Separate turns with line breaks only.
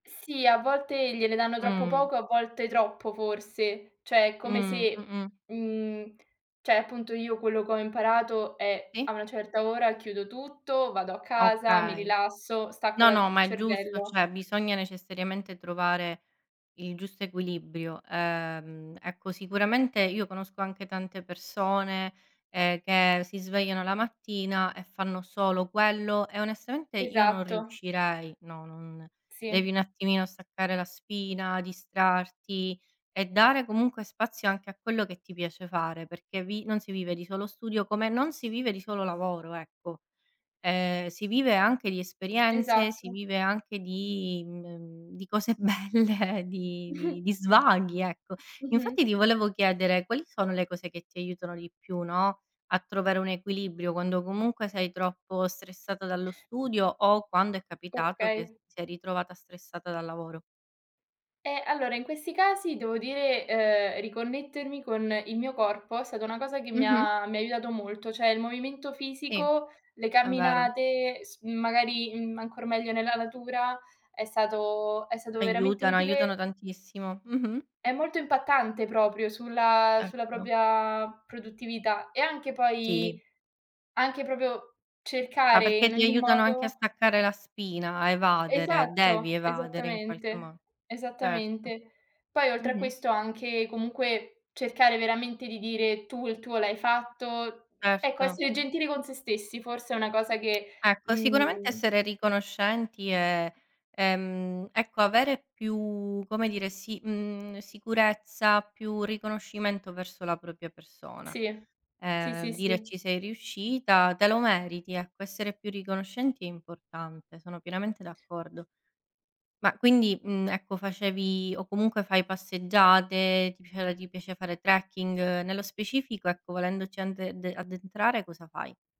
Sì, a volte gliene danno troppo
Mh.
poco, a volte troppo forse. Cioè, come
Mh,
se
mh-mh.
mhmm, cioè, appunto, io quello che ho imparato è: a
Sì.
una certa ora chiudo tutto, vado a casa, mi
Okay.
rilasso, stacco
No,
la
no,
il
ma è giusto,
cervello.
cioè, bisogna necessariamente trovare il giusto equilibrio. Ehm, ecco, sicuramente io conosco anche tante persone, ehm, che si svegliano la mattina e fanno solo quello, e onestamente io non
Esatto.
riuscirei. No, non devi
Sì.
un attimino staccare la spina, distrarti e dare comunque spazio anche a quello che ti piace fare, perché vi non si vive di solo studio, come non si vive di solo lavoro, ecco. Ehm, si vive anche di esperienze, si
Esatto.
vive anche di mhmm, di cose belle, di di di svaghi, ecco. Infatti
Mh-mh.
ti volevo chiedere: quali sono le cose che ti aiutano di più, no, a trovare un equilibrio quando comunque sei troppo stressata dallo studio, o quando è capitato che
Okay.
ti sei ritrovata stressata dal lavoro.
Eh, allora, in questi casi devo dire, ehm, riconnettermi con il mio corpo è stata una cosa che mi
Mh-mh.
ha mi ha aiutato molto. Cioè, il movimento
Sì,
fisico, le
è vero.
camminate, s magari, mhmm, ancor meglio nella natura, è stato è stato veramente
Aiutano,
utile
aiutano tantissimo. Mh-mh.
È molto impattante proprio sulla sulla
Certo.
propria produttività, e anche poi
Sì.
anche proprio
Ma
cercare
perché
in
ti
ogni
aiutano anche a
modo
staccare la spina, a evadere, devi
Esatto,
evadere in qualche
esattamente.
mo Certo.
Esattamente. Poi, oltre a
Mh-mh.
questo, anche comunque cercare veramente di dire: "Tu il tuo l'hai fatto." Ecco,
Certo.
essere gentili con sé stessi forse è una cosa che,
Ecco, sicuramente
mhmm
essere riconoscenti e, ehm, ecco avere più, come dire, si mhmm, sicurezza, più riconoscimento verso la propria persona.
Sì. Sì,
Ehm,
sì,
dire:
sì.
"Ci sei riuscita, te lo meriti." Ecco, essere più riconoscenti è importante, sono pienamente d'accordo. Ma quindi, mhmm, ecco, facevi, o comunque fai, passeggiate, ti pia uhm, ti piace fare trekking? Nello specifico, ecco, volendoci ande de addentrare cosa fai?